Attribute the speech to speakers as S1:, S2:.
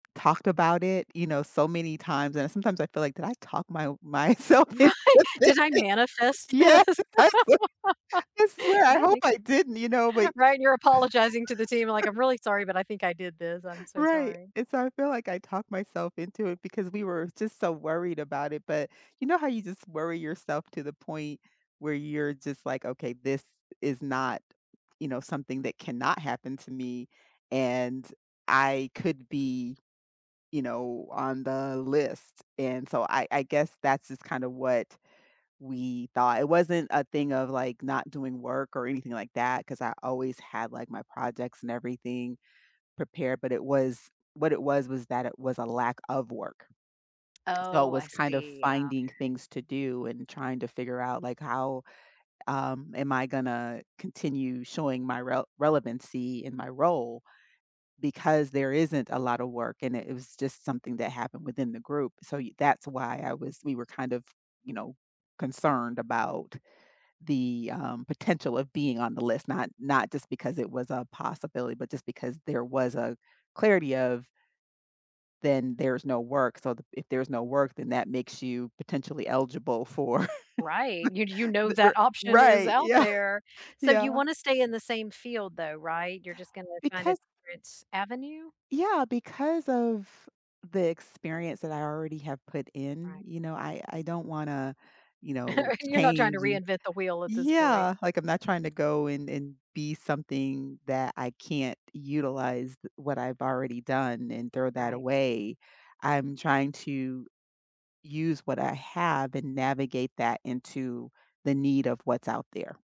S1: Talked about it, you know, so many times, and sometimes I feel like, "Did I talk my o myself into
S2: Right!
S1: this?"
S2: "Did I manifest this?"
S1: Yes! I sw I swear,
S2: "Did
S1: I
S2: I
S1: hope
S2: make
S1: I didn't, you know, but
S2: that?" Right, and you're apologizing to the team, like, "I'm really sorry, but I think I did this. I'm so
S1: Right,
S2: sorry."
S1: and so I feel like I talked myself into it because we were just so worried about it, but, you know how you just worry yourself to the point where you're just like, "Okay, this is not, you know, something that cannot happen to me and I could be, you know, on the list," and so, I I guess that's just kinda what we thought. It wasn't a thing of, like, not doing work or anything like that, 'cause I always had, like, my projects and everything prepared, but it was what it was was that it was a lack of work. So, it
S2: Oh,
S1: was
S2: I
S1: kind of
S2: see. Oh, okay.
S1: finding things to do and trying to figure out, like, how, um, am I gonna continue showing my rel relevancy in my role because there isn't a lotta work and it it was just something that happened within the group, so y that's why I was we were kind of, you know, concerned about the, um, potential of being on the list, not not just because it was a possibility, but just because there was a clarity of then there's no work, so th if there's no work, then that makes you potentially eligible for
S2: Right, you j you know
S1: the the
S2: that
S1: r
S2: option is
S1: Right,
S2: out
S1: yeah,
S2: there. So,
S1: yeah.
S2: you wanna stay in the same field, though, right? You're just gonna find a
S1: Because
S2: different avenue?
S1: Yeah, because of the experience that I already have put in,
S2: Right.
S1: you know, I I don't wanna, you know,
S2: You're not trying to
S1: change, and
S2: reinvent the wheel at this point.
S1: Yeah, like, I'm not tryna go and and be something that I can't utilized what I've already done and throw that
S2: Right.
S1: away. I'm trying to use what I have and navigate that into the need of what's out there.